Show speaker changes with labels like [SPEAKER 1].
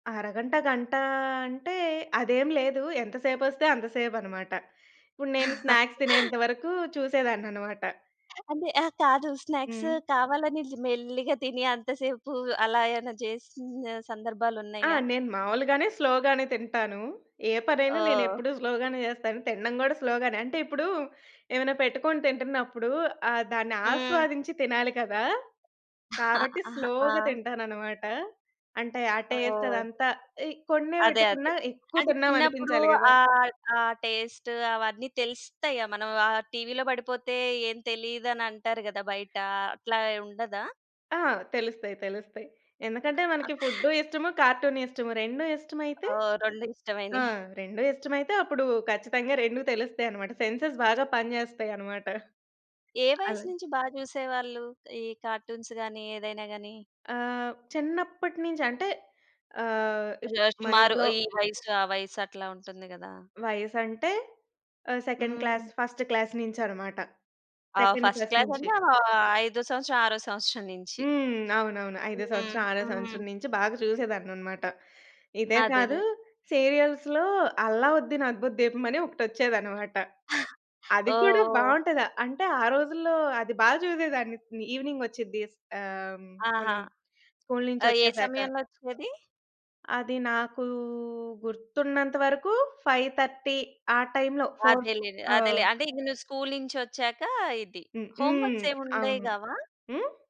[SPEAKER 1] అరగంట, గంట అంటే అదేం లేదు. ఎంతసేపొస్తే అంత సేపన్నమాట. ఇప్పుడు నేను స్నాక్స్ తినేంత వరకు చూసేదాన్నన్నమాట.
[SPEAKER 2] అంటే, ఆ! కాదు. స్నాక్సు
[SPEAKER 1] హ్మ్.
[SPEAKER 2] కావాలని, ఇట్లా మెల్లిగా తిని అంత సేపు అలా ఏమైనా చేసిన
[SPEAKER 1] ఆ!
[SPEAKER 2] సందర్భాలున్నాయా?
[SPEAKER 1] నేను మామూలుగానే స్లోగానే తింటాను. ఏ పనైనా నేను
[SPEAKER 2] ఓహ్!
[SPEAKER 1] ఎప్పుడూ స్లోగానే చేస్తాను. తినడం కూడా స్లోగానే. అంటే ఇప్పుడు, ఏమైనా పెట్టుకొని తింటున్నప్పుడు ఆహ్, దాన్ని
[SPEAKER 2] హ్మ్.
[SPEAKER 1] ఆస్వాదించి తినాలి కదా!
[SPEAKER 2] అహా!
[SPEAKER 1] కాబట్టి
[SPEAKER 2] హా! ఆ!
[SPEAKER 1] స్లోగా తింటానన్నమాట. అంటే, ఆ టేస్ట్
[SPEAKER 2] ఓహ్!
[SPEAKER 1] అదంతా ఇ కొన్నే
[SPEAKER 2] అదే. అదే.
[SPEAKER 1] వెట్టుకున్నా, ఎక్కువ
[SPEAKER 2] అది చిన్నప్పుడు
[SPEAKER 1] తిన్నామనిపించాలి గదా!
[SPEAKER 2] ఆహ్, ఆ టేస్ట్ అవన్నీ తెలుస్తాయి మనం ఆ టీవీలో బడిపోతే ఏం తెలీదనంటారు గదా! బయట, అట్లా ఉండదా?
[SPEAKER 1] ఆ! తెలుస్తాయి, తెలుస్తాయి. ఎందుకంటే మనకి ఫుడ్డు ఇష్టము, కార్టూను ఇష్టము. 2 ఇష్టమైతే
[SPEAKER 2] ఓహ్! 2
[SPEAKER 1] ఆ!
[SPEAKER 2] ఇష్టమైనయి.
[SPEAKER 1] 2 ఇష్టమైతే అప్పుడు ఖచ్చితంగా 2 తెలుస్తాయన్నమాట. సెన్సెస్ బాగా పని జేస్తాయన్నమాట.
[SPEAKER 2] ఏ
[SPEAKER 1] అల
[SPEAKER 2] వయస్సు నుంచి బా జూసేవాళ్ళు? ఈ కార్టూన్స్ గానీ, ఏదైనా గానీ?
[SPEAKER 1] ఆహ్, చిన్నప్పటి నుంచి అంటే ఆహ్, ఇప్
[SPEAKER 2] జో సుమారు
[SPEAKER 1] మనింట్లో
[SPEAKER 2] ఈ వయస్సు, ఆ వయస్సు అట్లా ఉంటుంది గదా!
[SPEAKER 1] వయసంటే ఆహ్, సెకండ్ క్లాస్,
[SPEAKER 2] హ్మ్.
[SPEAKER 1] ఫస్ట్ క్లాస్ నుంచన్నమాట.
[SPEAKER 2] ఆ!
[SPEAKER 1] సెకండ్,
[SPEAKER 2] ఫస్ట్
[SPEAKER 1] ఫస్ట్
[SPEAKER 2] క్లాస్
[SPEAKER 1] నుంచి.
[SPEAKER 2] అంటే, ఆహ్, ఐదో సంవత్సరం ఆరో సంవత్సరం నుంచి.
[SPEAKER 1] హ్మ్. అవునవును. ఐదో
[SPEAKER 2] హ్మ్.
[SPEAKER 1] సంవత్సరం, ఆరో
[SPEAKER 2] హ్మ్.
[SPEAKER 1] సంవత్సరం నుంచి బాగా చూసేదాన్నన్నమాట. ఇదే కాదు.
[SPEAKER 2] అదేదె.
[SPEAKER 1] సీరియల్స్‌లో 'అల్లావుద్దీన్ అద్భుత దీపం' అని ఒకటొచ్చేదన్నమాట. అది కూడా
[SPEAKER 2] ఓహ్! ఓహ్!
[SPEAKER 1] బావుంటది. అంటే ఆ రోజుల్లో అది బా చూసేదాన్ని. ఈవెనింగ్ ఒచ్చిద్ది. ఆహ్,
[SPEAKER 2] ఆహా!
[SPEAKER 1] మనం స్కూలు
[SPEAKER 2] ఆహ్, ఏ
[SPEAKER 1] నుంచొచ్చేసాక.
[SPEAKER 2] సమయంలో ఒచ్చేది?
[SPEAKER 1] అది నాకు గుర్తున్నంత వరకు, 5:30 ఆ టైమ్‌లో, 4
[SPEAKER 2] అదేలేండి.
[SPEAKER 1] ఆ
[SPEAKER 2] అదేలే. అంటే ఇంగ నువ్వు స్కూలు నుంచొచ్చాక, ఇది.
[SPEAKER 1] హుహు.
[SPEAKER 2] హో‌మ్‌వర్క్స్ ఏం ఉండేవి
[SPEAKER 1] అవును.
[SPEAKER 2] గావా?
[SPEAKER 1] హ్మ్?